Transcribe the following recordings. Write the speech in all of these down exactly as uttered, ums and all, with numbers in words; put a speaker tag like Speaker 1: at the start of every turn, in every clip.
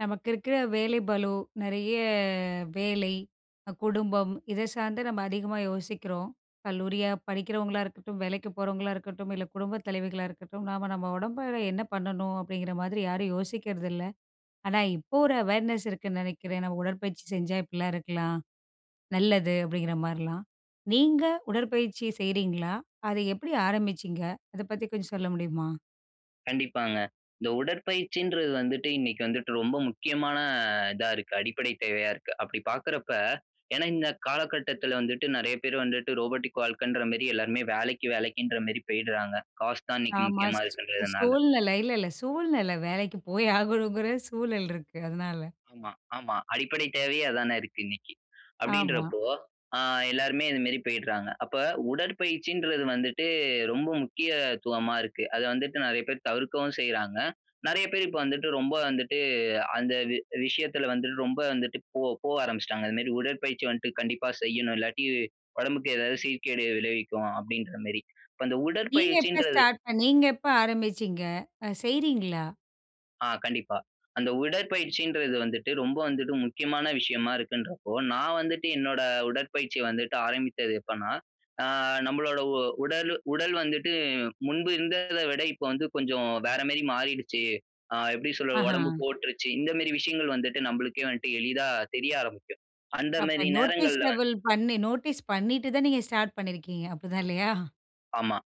Speaker 1: நமக்கு இருக்குற வேலை பளு நெறைய வேலை, குடும்பம், இதை சார்ந்து நம்ம அதிகமா யோசிக்கிறோம். கல்லூரியா படிக்கிறவங்களா இருக்கட்டும், வேலைக்கு போறவங்களா இருக்கட்டும், இல்ல, குடும்ப தலைவிகளா இருக்கட்டும் நாம நம்ம, உடம்பு அளவுல என்ன பண்ணணும்? அப்டிங்கிற மாதிரி யாரும் யோசிக்கிறதில்ல. ஆனா, இப்போ ஒரு அவேர்னஸ் இருக்குன்னு நெனைக்கிறேன். ஏன்னா, உடற்பயிற்சி செஞ்சா இப்படிலாம் இருக்கலாம். நல்லது. அப்டிங்கிற மாதிரிலாம். நீங்க உடற்பயிற்சி செய்யிறீங்களா? அத எப்படி ஆரம்பிச்சீங்க? அத பத்தி கொஞ்சம் சொல்ல முடியுமா?
Speaker 2: கண்டிப்பாங்க. இந்த உடற்பயிற்சின்றது வந்துட்டு இன்னைக்கி வந்துட்டு ரொம்ப முக்கியமான இதா இருக்கு. அடிப்படை தேவையா இருக்கு. அப்படி பார்க்கிறப்ப, ஏன்னா இந்த காலகட்டத்துல வந்துட்டு, நெறைய பேர் வந்துட்டு ரோபோடிக் வாழ்க்கைன்ற மேரி, எல்லாருமே வேலைக்கு, வேலைக்கின்ற மேரி போய்டுறாங்க. காசு தான் இன்னைக்கி
Speaker 1: ஆமா.
Speaker 2: முக்கியமா
Speaker 1: ஸ்
Speaker 2: இருக்கறதுனால.
Speaker 1: சோழ்நிலை இல்ல, இல்ல. சூழ்நிலை. வேலைக்கு போய் ஆகணுங்கிற சூழல் இருக்கு. அதனால.
Speaker 2: ஆமா, ஆமா. அடிப்படை தேவையே அதானா இருக்கு இன்னைக்கி.
Speaker 1: ஆமா.
Speaker 2: அப்டின்றப்போ, அ எல்லாருமே இது மேரி போயிடுறாங்க. அப்ப உடற்பயிற்சின்றது வந்துட்டு, ரொம்ப முக்கிய த்துவமா இருக்கு. அத வந்துட்டு, நெறைய பேர் தவிர்க்கவும் செய்றாங்க. நெறைய பேர் இப்போ வந்துட்டு, ரொம்ப வந்துட்டு அந்த வி விஷயத்துல வந்துட்டு, ரொம்ப வந்துட்டு போ போவ ஆரம்பிச்சுட்டாங்க. இது மேரி உடற்பயிற்சி வந்துட்டு, கண்டிப்பா செய்யணும். இல்லாட்டி உடம்புக்கு ஏதாவது சீர்கேடு விளைவிக்கும். அப்டின்ற மேரி. இப்போ அந்த
Speaker 1: நீங்க எப்ப
Speaker 2: உடற்பயிற்சின்றது.
Speaker 1: ஸ்டார்ட் பண்ணி நீங்க எப்ப ஆரம்பிச்சீங்க? அ செய்யிறீங்களா?
Speaker 2: ஆ கண்டிப்பா, அந்த உடற்பயிற்சின்றது வந்துட்டு, ரொம்ப வந்துட்டு, முக்கியமான விஷயமா இருக்குன்றப்போ, நான் வந்துட்டு என்னோட உடற்பயிற்சிய வந்துட்டு, ஆரம்பித்தது எப்பன்னா, அ நம்மளோட உ உடலு உடல் வந்துட்டு முன்பு இருந்தத விட, இப்போ வந்து கொஞ்சம் வேற மாரி மாறிடுச்சு. அ எப்பிடி சொல்வ
Speaker 1: ஆஹா.
Speaker 2: உடம்பு போட்டுருச்சு. இந்தமாரி விஷயங்கள் வந்துட்டு நம்மளுக்கே வந்ட்டு, எளிதா தெரிய ஆரம்பிக்கும்.
Speaker 1: அப்போ
Speaker 2: அந்தமாரி நேரங்கள்ல வந்
Speaker 1: நோட்டீஸ்னஃபில் பண்ணி, நோட்டீஸ் பண்ணிட்டு தான், நீங்க ஸ்டார்ட் பண்ணியிருக்கீங்க. அப்பிடி தான் இல்லையா?
Speaker 2: ஆமா.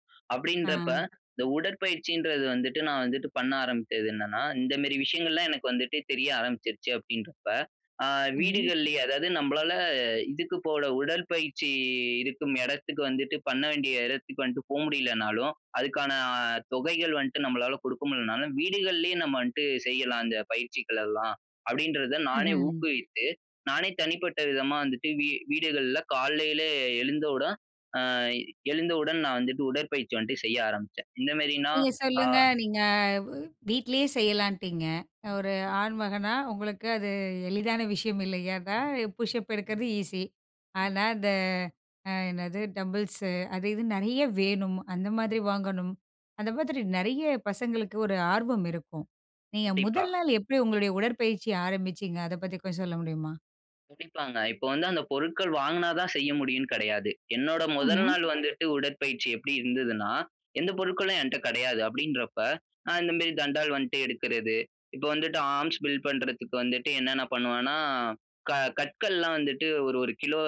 Speaker 1: ஆ.
Speaker 2: அப்பிடின்றப்ப இந்த உடற்பயிற்சின்றது வந்துட்டு, நான் வந்துட்டு பண்ண ஆரம்பிச்சது, என்னன்னா. இந்தமாரி விஷயங்கள் எல்லாம் எனக்கு வந்துட்டு தெரிய ஆரம்பிச்சிருச்சு அப்பிடின்றப்ப, ஆ
Speaker 1: ம்.
Speaker 2: வீடுகள்லயே, அதாவது நம்மளால இதுக்கு போல உடற்பயிற்சி இருக்கும் இடத்துக்கு வந்துட்டு பண்ண வேண்டிய இடத்துக்கு வந்துட்டு போக முடியலனாலும், அதற்கான தொகைகள் வந்துட்டு, நம்மளால கொடுக்க முடியலனாலும், வீடுகள்லயே நம்ம வந்ட்டு செய்யலாம். இந்த பயிற்சிகள் எல்லாம் அப்பிடின்றத நானே
Speaker 1: ம்ஹ்ம்.
Speaker 2: ஊக்குவித்து, நானே தனிப்பட்ட விதமா வந்துட்டு, வீ வீடுகள்ல காலையில எழுந்தவுடன், ஆ எழுந்தவுடன் நான் வந்துட்டு உடற்பயிற்சி வந்துட்டு செய்ய ஆரம்பிச்சேன். எந்தமாரின்னா.
Speaker 1: நீங்க
Speaker 2: ஆ,
Speaker 1: சொல்லுங்க. நீங்க வ் வீட்டிலேயே செய்யலான்ட்டீங்க. ஒரு
Speaker 2: ம்.
Speaker 1: ஆண்மகனா உங்களுக்கு அது எளிதான விஷயம். இல்லயா! அதா புஷ்ஸப் எடுக்கிறது ஈஸி.
Speaker 2: ம்.
Speaker 1: ஆனா, அந்த அ என்னது டம்புள்ஸு அது இதுன்னு நிறைய வேணும். அந்த மாதிரி வாங்கணும். அந்த மாதிரி நிறைய பசங்களுக்கு ஒரு ஆர்வம் இருக்கும். நீங்க
Speaker 2: கண்டிப்பா.
Speaker 1: முதல் நாள் எப்பிடி உங்களுடைய உடற்பயிற்சி ஆரம்பிச்சிங்க. அத பத்தி கொஞ்சம் சொல்ல முடியுமா?
Speaker 2: துடிப்பங்க. இப்போ வந்து அந்த பொருட்கள் வாங்குனா தான் செய்ய முடியும்ன்னு கிடையாது. என்னோட முதல்
Speaker 1: ம்ஹ்ம்.
Speaker 2: நாள் வந்துட்டு உடற்பயிற்சி எப்படி இருந்ததுன்னா, எந்த பொருட்களும் என்ட்ட கிடையாது அப்படின்றப்ப, நான் இந்த மாரி தண்டால் வந்துட்டு எடுக்குறது. இப்ப வந்துட்டு, ஆர்ம்ஸ் பில்ட் பண்றதுக்கு வந்துட்டு, என்னன்ன பண்ணுவனா, க கற்கள்லாம் வந்துட்டு ஒரு ஒரு கிலோ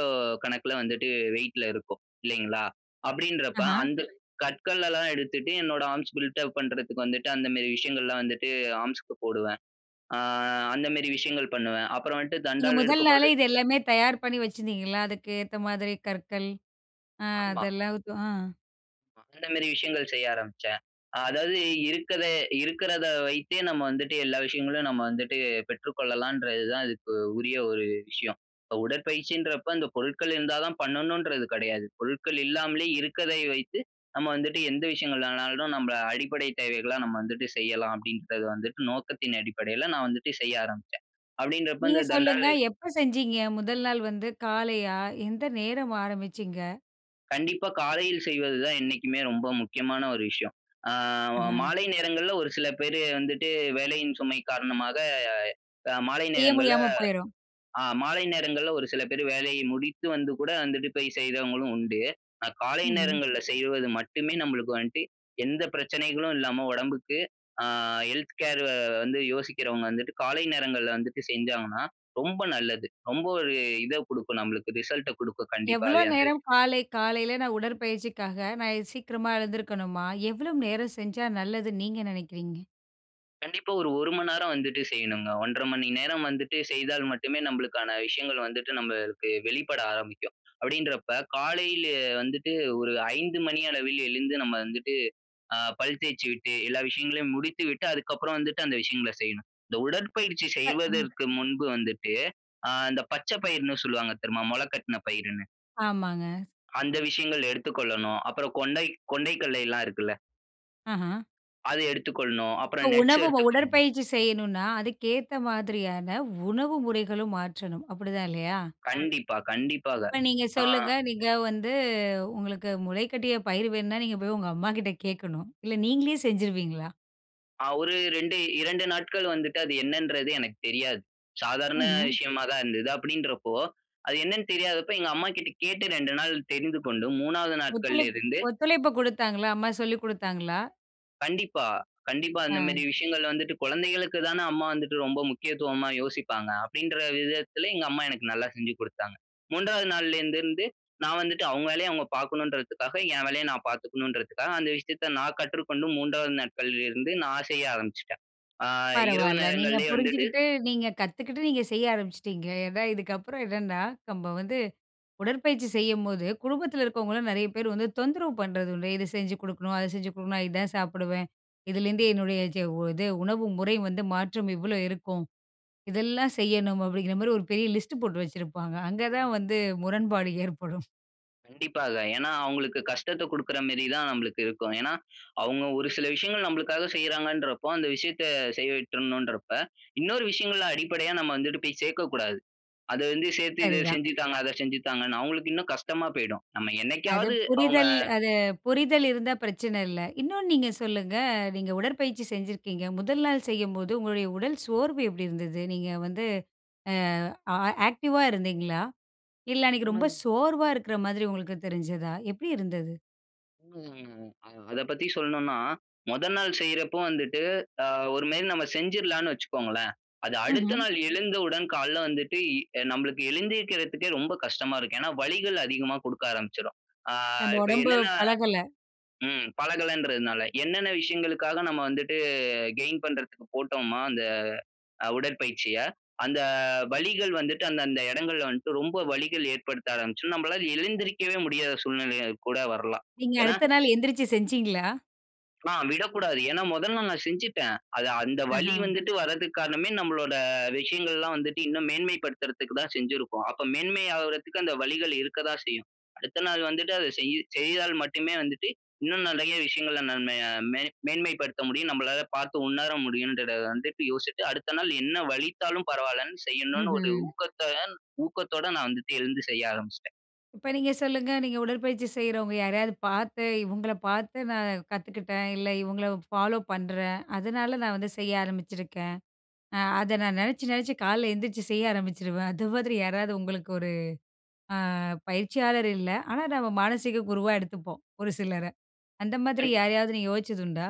Speaker 2: கணக்குல வந்துட்டு வெயிட்ல இருக்கும், இல்லைங்களா? அப்படின்றப்ப,
Speaker 1: அஹான்.
Speaker 2: அந்த கற்களலாம் எடுத்துட்டு, என்னோட ஆர்ம்ஸ் பில்ட் அப் பண்றதுக்கு வந்துட்டு, அந்த மேரி விஷயங்கள்லாம் வந்துட்டு, ஆர்ம்ஸ்க்கு போடுவேன். ஆ, அந்த மேரி விஷயங்கள் பண்ணுவேன். அப்புறம் வந்துட்டு
Speaker 1: நீங்க
Speaker 2: தண்டால்
Speaker 1: முதல் நாளே
Speaker 2: எடுக்கும்போது
Speaker 1: இது எல்லாமே தயார் பண்ணி வச்சிருந்தீங்களா, அதுக்கு ஏத்த மாதிரி கற்கள்? அ
Speaker 2: ஆமா.
Speaker 1: அதெல்லாவுதும் அ.
Speaker 2: அ அந்த மேரி விஷயங்கள் செய்ய ஆரம்பிச்சேன். அ அதாவது இருக்கற இருக்கறத வைத்தே நம்ம வந்துட்டு எல்லா விஷயங்களும் நம்ம வந்துட்டு, பெற்றுக்கொள்ளலான்றது தான் அதுக்கு உரிய ஒரு விஷயம். "உடற்பயிற்சின்றப்ப அந்த பொருட்கள் இருந்தா தான் பண்ணனுன்றது கிடையாது. பொருட்கள் இல்லாமலே இருக்கதை வைத்து, நம்ம வந்துட்டு எந்த விஷயங்களானாலும் நம்பல அடிப்படை தேவைகள்லாம் நம்ம வந்துட்டு செய்யலாம்" அப்படின்றது வந்துட்டு நோக்கத்தின் அடிப்படையில நான் வந்துட்டு செய்ய ஆரம்பிச்சேன். அப்படின்றப்ப
Speaker 1: நீங்க
Speaker 2: இந்த
Speaker 1: சொல்லுங்க,
Speaker 2: தண்டாலு
Speaker 1: எப்போ செஞ்சிங்க? முதல் நாள் வந்து காலையா? எந்த நேரம் ஆரம்பிச்சீங்க?
Speaker 2: கண்டிப்பா, காலையில செய்வது தான் என்னைக்குமே ரொம்ப முக்கியமான ஒரு விஷயம். அ
Speaker 1: ம்ஹ்ம்.
Speaker 2: மாலை நேரங்கள்ல ஒரு சில பேரு வந்துட்டு வேலையின் சுமை காரணமாக, அ மாலை
Speaker 1: செய்ய
Speaker 2: நேரங்கள்ல
Speaker 1: முடியாம போய்ரும்.
Speaker 2: அ மாலை நேரங்கள்ல ஒரு சில பேர் வேலையை முடித்து வந்து கூட வந்துட்டு போய் செய்தவங்களும் உண்டு. காலை
Speaker 1: ம்ஹ்ம்.
Speaker 2: நேரங்கள்ல செய்வது மட்டுமே நம்மளுக்கு வந்துட்டு எந்த பிரச்சனைகளும் இல்லாம உடம்புக்கு, அ ஹெல்த் கேர் வந்து யோசிக்கிறவங்க வந்துட்டு, காலை நேரங்கள்ல வந்துட்டு செஞ்சாங்கன்னா, ரொம்ப நல்லது. ரொம்ப ஒரு இதை கொடுக்கும் நம்மளுக்கு, ரிசல்ட்ட குடுக்கும்
Speaker 1: எவ்வளவு
Speaker 2: கண்டிப்பாவே அந்த
Speaker 1: நேரம்
Speaker 2: விஷயம்.
Speaker 1: காலை காலையில நான் உடற்பயிற்சிக்காக நான் சீக்கிரமா எழுந்திருக்கணுமா? எவ்வளவு நேரம் செஞ்சா நல்லதுன்னு நீங்க நெனைக்கிறீங்க?
Speaker 2: கண்டிப்பா ஒரு ஒரு மணி நேரம் வந்துட்டு செய்யணுங்க. ஒன்றரை மணி நேரம் வந்துட்டு செய்தால் மட்டுமே நம்மளுக்கான விஷயங்கள் வந்துட்டு நமக்கு வெளிப்பட ஆரம்பிக்கும். அப்படின்றப்போ காலையில வந்துட்டு ஒரு ஐந்து மணி அளவில் எழுந்து, நம்ம வந்துட்டு அ பல் தேய்ச்சுட்டு எல்லா விஷயங்களையும் முடித்து விட்டு அதற்கு அப்புறம் வந்துட்டு, அந்த விஷயங்களை செய்யணும். இந்த உடற்பயிற்சி
Speaker 1: அ-ம்.
Speaker 2: செய்வதற்கு முன்பு வந்துட்டு, அ அந்த பச்சை பயிர்ன்னு சொல்லுவாங்க தெரியுமா? முளைக்கட்டின பயிர்ன்னு.
Speaker 1: ஆமாங்க.
Speaker 2: அந்த விஷயங்கள் எடுத்துக் கொள்ளணும். அப்புறம் கொண்டை கொண்டை கடலை எல்லாம் இருக்குல்ல.
Speaker 1: ஆஹ.
Speaker 2: அதை எடுத்துக் கொள்ளணும்.
Speaker 1: இப்போ
Speaker 2: அப்புறம் நட்ஸ்
Speaker 1: உணவு
Speaker 2: எடுத்துக்கொள்ளணும்.
Speaker 1: உடற்பயிற்சி செய்யணுனா, அதற்கு ஏத்த மாதிரியான உணவு முறைகளும் மாற்றணும், அப்படி தான் இல்லையா.
Speaker 2: கண்டிப்பா, கண்டிப்பாக.
Speaker 1: இப்போ நீங்க
Speaker 2: ஆ.
Speaker 1: சொல்லுங்க, நீங்க வந்து உங்களுக்கு முளைக்கட்டிய பயிர் வேணும்னா, நீங்க போய் உங்க அம்மாகிட்ட கேட்கணும். இல்ல நீங்களே செஞ்சுடுவீங்களா?
Speaker 2: அ ஒரு ரெண்டு, இரண்டு நாட்கள் வந்துட்டு, அது என்னன்றது எனக்கு தெரியாது. சாதாரண
Speaker 1: ம்ஹ்ம்.
Speaker 2: விஷயமா தான் இருந்தது. அப்படின்றப்போ அது என்னன்னு தெரியாதப்போ, எங்க அம்மா கிட்ட கேட்டு, ரெண்டு நாள் தெரிந்து கொண்டு மூணாவது நாட்கள்ல
Speaker 1: ஒத்துழைப்பு
Speaker 2: இருந்து
Speaker 1: ஒத்துழைப்பு கொடுத்தாங்களா? அம்மா சொல்லிக் கொடுத்தாங்களா?
Speaker 2: கண்டிப்பா, கண்டிப்பா. இந்த
Speaker 1: ஆ.
Speaker 2: மாதிரி விஷயங்கள் வந்துட்டு குழந்தைகளுக்கு தான அம்மா வந்துட்டு ரொம்ப முக்கியத்துவமா யோசிப்பாங்க. அப்படின்ற விதத்தில, எங்க அம்மா எனக்கு நல்லா செஞ்சு கொடுத்தாங்க. மூன்றாவது நாள்ல இருந்து இருந்து நான் வந்துட்டு. அவங்க வேலைய அவங்க பார்க்கணும்ன்றதுக்காக என் வேலையை நான் பார்த்துக்கணும்ன்றதுக்காக, அந்த விஷயத்தை நான் கற்றுக்கொண்டு மூன்றாவது நாட்கள்ல இருந்து நான் செய்ய ஆரம்பிச்சுட்டேன். அ இரவு
Speaker 1: பரவால்ல. நீங்க
Speaker 2: நேரங்களிலே வந்துட்டு.
Speaker 1: புரிஞ்சுகிட்டு, நீங்க கத்துக்கிட்டு, நீங்க செய்ய ஆரம்பிச்சிட்டீங்க. ஏன்னா இதுக்கப்புறம் என்னன்னா, நம்ம வந்து உடற்பயிற்சி செய்யும்போது குடும்பத்தில இருக்கவங்களும் நெறைய பேர் வந்து தொந்தரவு பண்ணுறது உண்டு. இத செஞ்சு கொடுக்கணும். அதை செஞ்சு கொடுக்கணும். இதுதான் சாப்பிடுவேன். இதுலேருந்து
Speaker 2: ம்.
Speaker 1: என்னுடைய சே இது உணவு முறை வந்து மாற்றம் இவ்ளோ இருக்கும். இதெல்லாம் செய்யணும் அப்படிங்கிற மாதிரி ஒரு பெரிய லிஸ்ட் போட்டு வச்சிருப்பாங்க. அங்கே தான் வந்து முரண்பாடு ஏற்படும்.
Speaker 2: கண்டிப்பாக ஏன்னா, அவுங்களுக்கு கஷ்டத்த கொடுக்கிற மேரி தான் நம்பளுக்கு இருக்கும். ஏன்னா, அவுங்க ஒரு சில விஷயங்கள் நம்மளுக்காக செய்றாங்கன்றப்போ, அந்த விஷயத்த செய்ய விட்றனும் இன்றப்ப, இன்னொரு விஷயங்கள்ல அடிப்படையா நம்ம வந்துட்டு போய் சேர்க்க கூடாது. அத வந்து சேர்த்து, இத
Speaker 1: சரி தான்.
Speaker 2: செஞ்சு தாங்க, அத செஞ்சு தாங்கன்னு அவுங்களுக்கு இன்னும் கஷ்டமா போயிடும். நம்ம
Speaker 1: அது
Speaker 2: என்னைக்காவது அவுங்க
Speaker 1: புரிதல் அது புரிதல் இருந்தா பிரச்சன இல்ல. இன்னொன்னு நீங்க சொல்லுங்க, நீங்க உடற்பயிற்சி செஞ்சிருக்கீங்க. முதல் நாள் செய்யும்போது உங்களுடைய உடல் சோர்வு எப்பிடி இருந்தது? நீங்க வந்து அ, ஆ ஆக்டிவா இருந்தீங்களா? இல்ல அன்னக்கி ரொம்ப
Speaker 2: [unintelligible]
Speaker 1: சோர்வா இருக்குற மாதிரி உங்களுக்கு தெரிஞ்சதா? எப்பிடி இருந்தது?
Speaker 2: [unintelligible] அத பத்தி சொல்லணுன்னா, மொத நாள் செய்றப்போ வந்துட்டு, அ ஒருமாரி நம்ம செஞ்சிர்லான்னு வச்சுக்கோங்களேன்! அது அடுத்த
Speaker 1: ம்ஹ்ம்.
Speaker 2: நாள் எழுந்த உடன் கால்ல வந்துட்டு, இ நம்பளுக்கு எழுந்திருக்கிறதுக்கே ரொம்ப கஷ்டமா இருக்கும். ஏன்னா, வலிகள் அதிகமா குடுக்க ஆரம்பிச்சிரும். ஆ
Speaker 1: நம்ப
Speaker 2: இப்ப
Speaker 1: உடம்பு
Speaker 2: என்னன்னா
Speaker 1: பழகல.
Speaker 2: ம். பழகலன்றதுனால. என்னென்ன விஷயங்களுக்காக நம்ம வந்துட்டு கெயின் பண்றதுக்கு போட்டோம்மா, அந்த அ உடற்பயிற்சிய, அந்த வலிகள் வந்துட்டு, அந்த, அந்த இடங்கள்ல வன்ட்டு ரொம்ப வலிகள் ஏற்படுத்த ஆரம்பிச்சுரும். நம்மளால எழுந்திரிக்கவே முடியாத சூழ்நிலையாய் கூட வரலாம்.
Speaker 1: நீங்க
Speaker 2: ஏன்னா
Speaker 1: அடுத்த நாள் எந்திரிச்சு செஞ்சீங்களா?
Speaker 2: ஆ விடக்கூடாது. ஏன்னா மொதல்ல நான் செஞ்சிட்டேன். அது அந்த வலி
Speaker 1: அஹ.
Speaker 2: வந்துட்டு வர்றதுக்கு காரணமே நம்மளோட விஷயங்கள் எல்லாம் வந்துட்டு இன்னும் மேன்மை படுத்துறதுக்கு தான் செஞ்சிருக்கோம். அப்ப மேன்மை ஆவுறதுக்கு அந்த வலிகள் இருக்க தான் செய்யும். அடுத்த நாள் வந்துட்டு அத செய்யி செய்தால் மட்டுமே வந்துட்டு இன்னும் நிறைய விஷயங்கள நம்ம ய மே மேன்மைப்படுத்த முடியும். நம்பளால பாத்து உணர முடியும்ன்றத வந்துட்டு யோசிட்டு, அடுத்த நாள் என்ன வலித்தாலும் பரவால்லன்னு, செய்யணுன்னு ஒரு
Speaker 1: ம்ஹ்ம்.
Speaker 2: ஊக்கத்தோகன் ஊக்கதோட நான் வந்துட்டு எழுந்து செய்ய ஆரம்பிச்சுட்டேன்.
Speaker 1: இப்போ நீங்க சொல்லுங்க. நீங்க உடற்பயிற்சி செய்றவுங்க யாரையாவது பாத்து, இவுங்கள பாத்து நான் கத்துக்கிட்டேன். இல்ல இவுங்கள ஃபாலோப் பண்றேன். அதுனால நான் வந்து செய்ய ஆரம்பிச்சுருக்கேன். அ அத நான் நெனச்சு, நெனச்சு கால்ல எழுந்திரிச்சி செய்ய ஆரம்பிச்சுருவேன். அது மாதிரி யாராவது உங்களுக்கு ஒரு, அ பயிற்சியாளர் இல்ல, ஆனா, நம்ம மானசீக குருவா எடுத்துப்போம். ஒரு சிலர அந்த மாதிரி
Speaker 2: கண்டிப்
Speaker 1: யாரையாவது நீங்க யோசிச்சதுண்டா?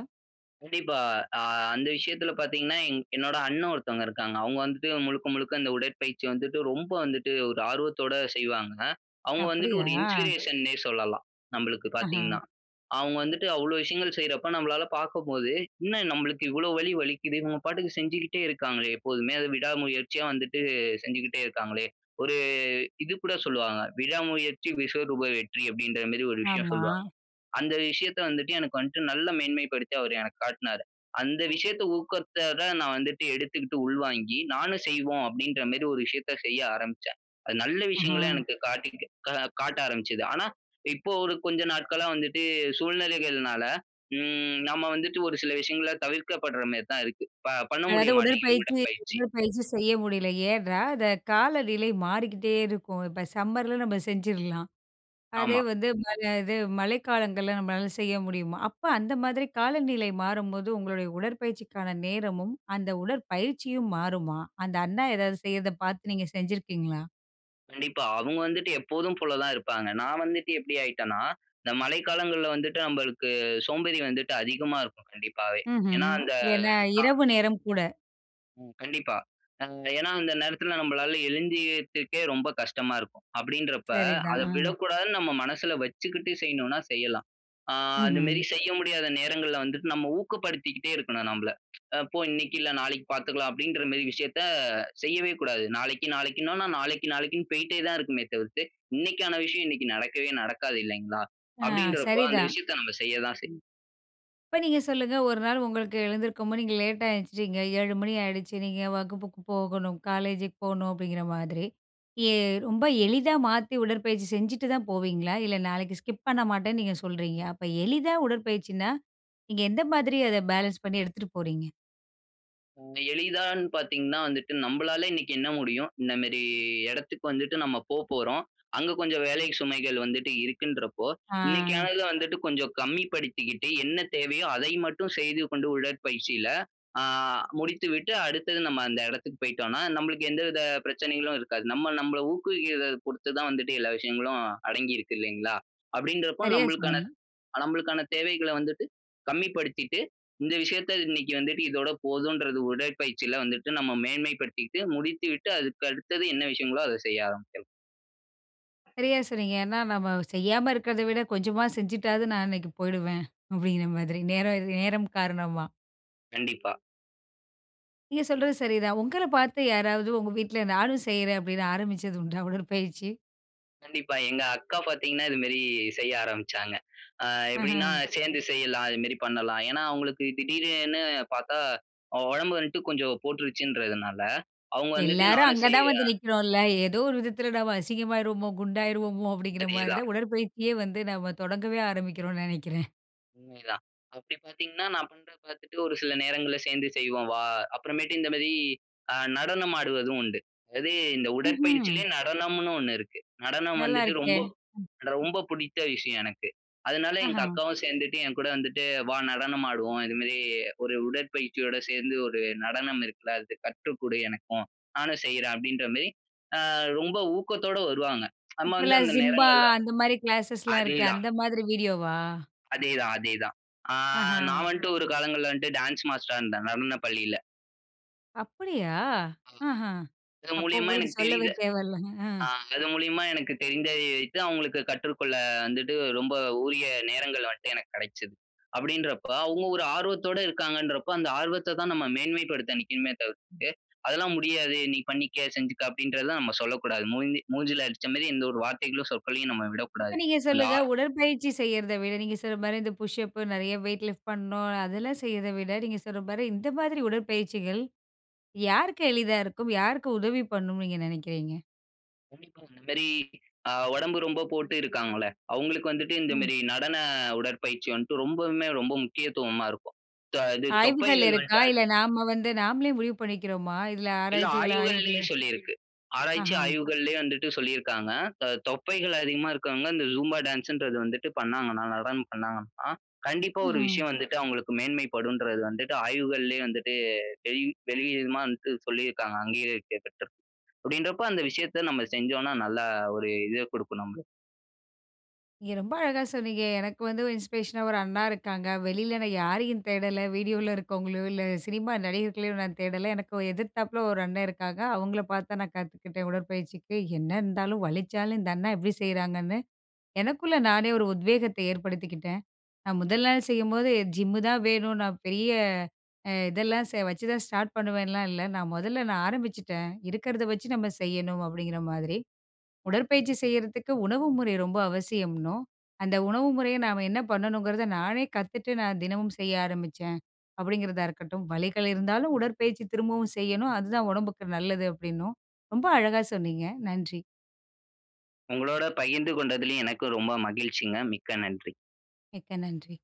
Speaker 2: கண்டிப்பா, அ அந்த விஷயத்தில பாத்தீங்கன்னா, எங் என்னோட அண்ணன் ஒருத்தவங்க இருக்காங்க. அவுங்க வந்துட்டு முழுக்க, முழுக்க இந்த உடற்பயிற்சி வந்துட்டு ரொம்ப வந்துட்டு ஒரு ஆர்வத்தோட செய்வாங்க. அவுங்க வந்துட்டு ஒரு
Speaker 1: அப்பிடியா?
Speaker 2: இன்ஸ்பிரேஷன்னே சொல்லலாம். நம்பளுக்கு
Speaker 1: அஹ.
Speaker 2: பாத்தீங்கன்னா. அவுங்க வந்துட்டு அவ்ளோ விஷயங்கள் செய்றப்ப நம்மளால பாக்கும்போது, என்ன நம்மளுக்கு இவ்ளோ வலி வலிக்கிதே. இவுங்க பாட்டுக்கு செஞ்சுகிட்டே இருக்காங்களே, எப்போதுமே! அது விடா முயற்சியா வந்துட்டு செஞ்சுகிட்டே இருக்காங்களே. ஒரு இதுகூட சொல்லுவாங்க, "விடா முயற்சி விஸ்வரூப வெற்றி" அப்பிடின்ற மாரி ஒரு விஷயம்
Speaker 1: ஆமா.
Speaker 2: சொல்லுவாங்க. அந்த விஷயத்த வந்துட்டு எனக்கு வந்ட்டு நல்ல மேன்மைப்படுத்தி அவரு எனக்கு காட்டுனாரு. அந்த விஷயத்த ஊக்கத்தோட நான் வந்துட்டு எடுத்துக்கிட்டு உள்வாங்கி, நானும் செய்வோம் அப்பிடின்ற மாரி ஒரு விஷயத்த செய்ய ஆரம்பிச்சேன். அது நல்ல
Speaker 1: அஹ.
Speaker 2: விஷயங்கள எனக்கு காட்டிகிருக்க கா காட்ட ஆரம்பிச்சது. ஆனா, இப்போ ஒரு கொஞ்ச நாட்களா வந்துட்டு சூழ்நிலைகள்னால, ம் நம்ம வந்துட்டு ஒரு சில விஷயங்கள தவிர்க்கப்படுற மாரி தான் இருக்கு. ப பண்ண முடிய
Speaker 1: அதாவது
Speaker 2: மாட்டேங்குது
Speaker 1: உடற்பயிற்சி,
Speaker 2: உடற்பயிற்சி.
Speaker 1: உடற்பயிற்சி செய்ய முடியல. ஏன்னா, அந்த காலநிலை மாறிக்கிட்டே இருக்கும். இப்போ சம்மர்ல நம்ம செஞ்சிர்லாம். அதே
Speaker 2: ஆமா.
Speaker 1: வந்து ம க இது மழைக்காலங்கள்ல நம்மளால செய்ய முடியுமா? அப்ப அந்த மாதிரி காலநிலை மாறும்போது உங்களுடைய உடற்பயிற்சிக்கான நேரமும், அந்த உடற்பயிற்சியும் மாறுமா? அந்த அண்ணா ஏதாவது செய்யிறத பாத்து நீங்க செஞ்சிருக்கீங்களா?
Speaker 2: கண்டிப்பா. அவுங்க வந்துட்டு எப்போதும் போல தான் இருப்பாங்க. நான் வந்துட்டு, எப்படி ஆயிட்டேனா, இந்த மழை காலங்கள்ல வந்துட்டு, நம்பளுக்கு சோம்பேறி வந்துட்டு அதிகமா இருக்கும், கண்டிப்பாவே. ஏனா,
Speaker 1: ம்ஹ்ம்.
Speaker 2: அந்த
Speaker 1: ஏன்னா,
Speaker 2: கா
Speaker 1: இரவு நேரம் கூட
Speaker 2: ம். கண்டிப்பா. அ ஏனா, அந்த நேரத்தில நம்மளால எழுந்துயத்துக்கே, ரொம்ப கஷ்டமா இருக்கும், அப்டின்றப்ப,
Speaker 1: சரி தான்.
Speaker 2: அத
Speaker 1: அ.
Speaker 2: விடக்கூடாதுனு நம்ம மனசுல வச்சுக்கிட்டு செய்யணும்னா, செய்யலாம். ஆ அந்த
Speaker 1: ம்ஹ்ம்.
Speaker 2: மேரி செய்ய முடியாத நேரங்கள்ல வந்துட்டு, நம்ம ஊக்கப்படுத்திக்கிட்டே இருக்கணும், நம்பள. "அ போ, இன்னைக்கு இல்ல, நாளைக்கு பாத்துக்கலாம்." அப்டின்றமாரி விஷயத்தை, செய்யவே கூடாது. நாளைக்கு, நாளைக்குனோனா, நாளைக்கு, நாளைக்குனு போயிட்டே தான் இருக்குமே தவிர்த்து, இன்னைக்கான விஷயம் இன்னைக்கு நடக்கவே நடக்காது, இல்லைங்களா?
Speaker 1: ஆ,
Speaker 2: அப்டின்றபோ, அந்த
Speaker 1: சரிதான்.
Speaker 2: விஷயத்தை நம்ம செய்ய தான் செய்
Speaker 1: இப்ப, நீங்க சொல்லுங்க. ஒரு நாள் உங்களுக்கு எழுந்திருக்கும்போது நீங்க லேட்டா எழுஞ்சிட்டீங்க. 7:00 ஏஎம் ஏழு மணி ஆயிடுச்சு. நீங்க வகுப்புக்கு போகணும், காலேஜுக்கு போணும், அப்படிங்கிற மாதிரி. எ ரொம்ப எளிதா மாத்தி, உடற்பயிற்சி செஞ்சுட்டு தான் போவீங்களா? இல்ல, நாளைக்கு ஸ்கிப் பண்ண மாட்டேன்னு, நீங்க சொல்றீங்க! அப்ப, எளிதா உடற்பயிற்சின்னா, நீங்க எந்த மாதிரி அதை பேலன்ஸ் பண்ணி, எடுத்துட்டு போறீங்க?
Speaker 2: ம். எளிதான்னு பார்த்தீங்கனா, வந்துட்டு நம்பளால இன்னைக்கு என்ன முடியும்? இந்தமாரி எடத்துக்கு வந்துட்டு, நம்ம போ போறோம், அங்க கொஞ்ச வேலை சுமைகள் வந்துட்டு இருக்குன்றபோ,
Speaker 1: ஆ.
Speaker 2: இன்னைக்கானத வந்துட்டு, கொஞ்சம் கம்மி படுத்திக்கிட்டு, என்ன தேவையோ, அதை மட்டும் செய்து கொண்டு, உடற்பயிற்சியில ஆ முடித்து விட்டு, அடுத்தது நம்ம அந்த இடத்துக்கு போயிட்டோம்னா, நம்மளுக்கு எந்த வித பிரச்சனைகளும் இருக்காது. நம்ம, நம்பள ஊக்குவிக்கிறத பொருத்து தான் வந்துட்டு, எல்லா விஷயங்களும் அடங்கி இருக்கு இல்லைங்களா? அப்படின்றப்போ,
Speaker 1: சரியா
Speaker 2: நம்மளுக்கான
Speaker 1: சொன்னீங்க.
Speaker 2: அ நம்மளுக்கான தேவைகளை வந்துட்டு கம்மி படுத்திட்டு, இந்த விஷயத்தை, இன்னைக்கு வந்துட்டு இதோட போதுன்றது, உடற்பயிற்சில வந்துட்டு, நம்ம மேன்மை படுத்திட்டு முடித்து விட்டு, அதுக்கு அடுத்தது என்ன விஷயங்களோ, அத செய்ய ஆரம்பிக்கலாம்.
Speaker 1: சரியா சொன்னீங்க. ஏன்னா, "நம்ம செய்யாம இருக்கிறத விட கொஞ்சமா செஞ்சுட்டாவது நான் அன்னைக்கு போயிடுவேன்" அப்படிங்கிற மாதிரி நேரம் இது நேரம் காரணமா.
Speaker 2: கண்டிப்பா.
Speaker 1: நீங்க சொல்றது சரி தான், ஒங்கள பாத்து யாராவது ஒங்க வீட்ல "நானும் செய்றேன்" அப்படின்னு ஆரம்பிச்சது உண்டா? உடற்பயிற்சி!
Speaker 2: கண்டிப்பா எங்க அக்கா பாத்தீங்கனா இது மேரி செய்ய ஆரம்பிச்சாங்க. ஆ எப்படின்னா,
Speaker 1: ஆஹம்.
Speaker 2: சேந்து செய்யலாம், இது மேரி பண்ணலாம். ஏன்னா அவுங்களுக்கு திடீர ன்னு பாத்தா அவ ஒடம்பு வந்த்ட்டு கொஞ்சம் போட்டுருச்சுன்றதுனால, அவுங்க வந்துட்டு
Speaker 1: எல்லாரும்
Speaker 2: நானும்
Speaker 1: அங்க
Speaker 2: செய்
Speaker 1: தான் வந்து
Speaker 2: ஆ,
Speaker 1: நிற்கிறோம்ல! ஏதோ ஒரு விதத்துல, "நம்ம அசிங்கமாயிருவோமோ, குண்டாயிருவோமோ!" அப்படிங்கிற மாரி
Speaker 2: அதேதான்.
Speaker 1: தான் உடற்பயிற்சியே வந்து, நாம தொடங்கவே ஆரம்பிக்கிறோன்னு நெனைக்குறேன்.
Speaker 2: உண்மைதான். அப்டி பாத்தீங்கன்னா, நான் பண்றத பாத்துட்டு, ஒரு சில நேரங்கள்ல "சேந்தே செய்வோம் வா" அப்புறமேட்டு இந்த மாரி, அ நடனம் ஆடுவதும் உண்டு. அதாவது, இந்த
Speaker 1: ம்ஹ்ம்.
Speaker 2: உடற்பயிற்சிலயே நடனம்னு ஒண்ணு இருக்கு. நடனம்
Speaker 1: நல்லா
Speaker 2: வந்துட்டு
Speaker 1: இருக்கே.
Speaker 2: ரொம்ப,
Speaker 1: ம்.
Speaker 2: அட்வொம்ப பிடித்த விஷயம் எனக்கு. அதனால எங்க
Speaker 1: ஆஹம்.
Speaker 2: அக்காவும் சேந்துட்டு, "என்கூட வந்துட்டு வா நடனம் ஆடுவோம், இதுமேரி, ஒரு உடற்பயிற்சியோட சேர்ந்து ஒரு நடனம் இருக்குல! அத கற்று குடு எனக்கும், நானும் செய்யுறன்" அப்படின்ற மேரி, ஆ ரொம்ப ஊக்கத்தோட வருவாங்க. நம்ம
Speaker 1: இப்ப
Speaker 2: வந்து
Speaker 1: எல்லாம்
Speaker 2: அந்த
Speaker 1: சிம்பா,
Speaker 2: நேரங்கள்ல
Speaker 1: அந்த மாரி கிளாஸஸ்ல்லாம் இருக்கே!
Speaker 2: அதேதான்.
Speaker 1: அந்த மாதிரி வீடியோ வா?
Speaker 2: அதே தான் அதே தான். அ நான்
Speaker 1: ஆஹம்.
Speaker 2: வந்த்ட்டு ஒரு காலத்துல வந்துட்டு, டான்ஸ் மாஸ்டரா இருந்தேன். நடன பள்ளியில.
Speaker 1: அப்டியா!
Speaker 2: அததா
Speaker 1: ஆஹம்.
Speaker 2: இது
Speaker 1: அப்ப,
Speaker 2: மூலியமா
Speaker 1: உங்களுக்கு
Speaker 2: எனக்கு
Speaker 1: சொல்லவே
Speaker 2: தெரிந்த
Speaker 1: தேவையில்லங்க. அ.
Speaker 2: அ, அது மூலியமா எனக்கு தெரிந்ததை வைத்து அவங்களுக்கு கற்றுக்கொள்ள வந்துட்டு, ரொம்ப உரிய நேரங்கள் வண்ட்டு எனக்கு கெடைச்சது. அப்டின்றப்ப அவங்க ஒரு ஆர்வத்தோட இருக்காங்கன்றப்ப, அந்த ஆர்வத்த தான் நம்ம மேன்மைப்படுத்த நிக்கணுமே தவிர்த்து, அதெல்லாம் முடியாது நீ பண்ணிக்க, செஞ்சுக்க, அப்டின்றத நம்ம சொல்லக்கூடாது. மூஞ்சி மூஞ்சில அடிச்ச மாரி, எந்த ஒரு வார்த்தைகளும் சொற்களையும் நம்ம
Speaker 1: இப்ப,
Speaker 2: விடக்கூடாது.
Speaker 1: நீங்க
Speaker 2: அந்த
Speaker 1: சொல்லுங்க.
Speaker 2: அ
Speaker 1: உடற்பயிற்சி செய்யறத விட, நீங்க சொல்ற மாரி, இந்த புஷ்அப் நெறைய வெயிட் லிஃப்ட் பண்ணும். அதெல்லாம் செய்றத விட, நீங்க சொல்ற மாரி இந்த மாதிரி உடற்பயிற்சிகள், யாருக்கு எளிதா இருக்கும்? யாருக்கு உதவி பண்ணும் நீங்க நெனைக்கிறீங்க?
Speaker 2: இந்த மேரி, ஆ உடம்பு ரொம்ப போட்டு இருக்காங்கள்ல, அவங்களுக்கு வந்துட்டு இந்த
Speaker 1: ம்.
Speaker 2: மேரி, நடன உடற்பயிற்சி வந்துட்டு ரொம்பவுமே ரொம்ப முக்கியத்துவமா இருக்கும். தொ இது
Speaker 1: ஆய்வுகள்
Speaker 2: தொப்பைகள்
Speaker 1: இருக்கா?
Speaker 2: வந்துட்டு அது
Speaker 1: இல்ல, நாம வந்து, நாம்ளே முடிவு பண்ணிக்கிறோமா? இதில,
Speaker 2: இல்ல
Speaker 1: ஆராய்ச்சிகள். ஆய்வுகளு
Speaker 2: ஆய்வுகள்லயே சொல்லிருக்கு. ஆராய்ச்சி
Speaker 1: ஆஹம்.
Speaker 2: ஆய்வுகள்லயே வந்துட்டு சொல்லிருக்காங்க. த தொப்பைகள் அதிகமா இருக்கவங்க, இந்த ஜும்பா டான்ஸ்ன்றது வந்துட்டு பண்ணாங்கனா, நடனம் பண்ணாங்கனா, கண்டிப்பா ஒரு
Speaker 1: ம்ஹ்ம்.
Speaker 2: விஷயம் வந்துட்டு, அவங்களுக்கு மேன்மை படுன்றது வந்துட்டு, ஆய்வுகள்லேயே வந்துட்டு [unintelligible] வந்துட்டு சொல்லிருக்காங்க அங்கீகரிக்கப்பட்டு. அப்டின்றப்ப, அந்த விஷயத்த நம்ம செஞ்சோன்னா நல்லா ஒரு இது குடுக்கும் நம்மளுக்கு
Speaker 1: நீங்க ரொம்ப அழகா சொன்னீங்க. எனக்கு வந்து ஒரு இன்ஸ்பிரேஷனா ஒரு அண்ணா இருக்காங்க.வெளில நான் யாரையும் தேடல. வீடியோல இருக்கவங்களையோ, இல்ல சினிமா நடிகர்களையோ நான் தேடல. எனக்கு எதிர்த்தாப்புல ஒரு அண்ணன் இருக்காங்க. அவங்கள பார்த்து தான் நான் கத்துக்கிட்டேன், உடற்பயிற்சிக்கு. என்ன இருந்தாலும், வலிச்சாலும் இந்த அண்ணா எப்டி செய்றாங்கன்னு, எனக்குள்ள நானே ஒரு உத்வேகத்தை ஏற்படுத்திக்கிட்டேன். நான் முதல் நாள் செய்யும்போது, ஜிம்மு தான் வேணும். நான் பெரிய அ இதெல்லாம் வச்சுதான் ஸ்டார்ட் பண்ணுவேன்லாம் இல்ல. நான், முதல்ல நான் ஆரம்பிச்சுட்டேன் இருக்கறத வச்சு நம்ம செய்யணும் அப்டிங்கிற மாதிரி. உடற்பயிற்சி செய்யறதுக்கு உணவு முறை ரொம்ப அவசியம்னு, அந்த உணவு முறைய நாம என்ன பண்ணணுங்கறத, நானே கத்துட்டு நான் தினமும் செய்ய ஆரம்பிச்சேன் அப்டிங்கிறதா இருக்கட்டும். வலிகள் இருந்தாலும் உடற்பயிற்சி திரும்பவும் செய்யணும். அது தான் உடம்புக்கு நல்லது அப்டின்னும், ரொம்ப அழகா சொன்னீங்க. நன்றி.
Speaker 2: உங்களோட பகிர்ந்து கொண்டதிலயும், எனக்கு ரொம்ப மகிழ்ச்சிங்க. மிக்க நன்றி.
Speaker 1: மிக்க நன்றி.